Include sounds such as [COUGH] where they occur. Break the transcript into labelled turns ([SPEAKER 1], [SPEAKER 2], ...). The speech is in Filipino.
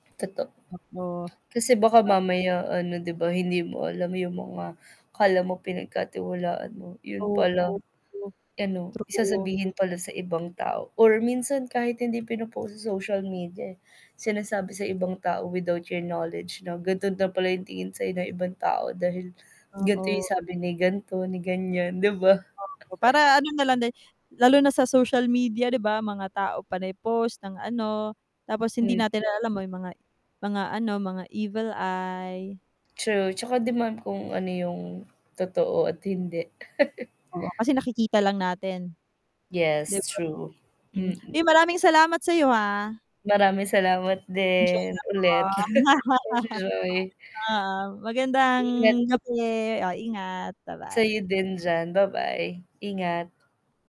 [SPEAKER 1] Totoo.
[SPEAKER 2] Totoo.
[SPEAKER 1] Kasi baka
[SPEAKER 2] A
[SPEAKER 1] mamaya ano 'di ba, hindi mo alam yung mga akala mo pinagkatiwalaan mo yun
[SPEAKER 2] Oo,
[SPEAKER 1] pala,
[SPEAKER 2] true.
[SPEAKER 1] ano
[SPEAKER 2] True 'to.
[SPEAKER 1] sasabihin pala sa ibang tao or minsan kahit hindi pino-post sa social media, eh, [CLICKS TONGUE] sinasabi sa ibang tao without your knowledge no. Ganto na pala yung tingin sayo ng ibang tao, dahil gan'to yung
[SPEAKER 2] Oo.
[SPEAKER 1] sabi ni gan'to, ni ganiyan 'di ba?
[SPEAKER 2] Oo,
[SPEAKER 1] [CHUCKLES]
[SPEAKER 2] para ano nalang din lalo na sa social media, 'di ba, mga tao panay post ng ano, tapos hindi
[SPEAKER 1] Mm.
[SPEAKER 2] natin alam may mga mga ano mga evil eye.
[SPEAKER 1] True, 'tsaka 'di man kung ano yung totoo at hindi. [CHUCKLES]
[SPEAKER 2] Oo kasi nakikita lang natin. 'Di
[SPEAKER 1] Yes,
[SPEAKER 2] ba?
[SPEAKER 1] true,
[SPEAKER 2] Mm, [SMACKS LIPS]
[SPEAKER 1] mm.
[SPEAKER 2] uy maraming salamat sayo, ha.
[SPEAKER 1] Maraming salamat
[SPEAKER 2] Enjoy
[SPEAKER 1] din,
[SPEAKER 2] ako.
[SPEAKER 1] ulit. [CHUCKLES] Enjoy.
[SPEAKER 2] [CHUCKLES] Oo, magandang
[SPEAKER 1] Ingat.
[SPEAKER 2] gabi, oh ingat.
[SPEAKER 1] Sa'yo
[SPEAKER 2] Ba-bye.
[SPEAKER 1] din diyan, ba-bye, ingat.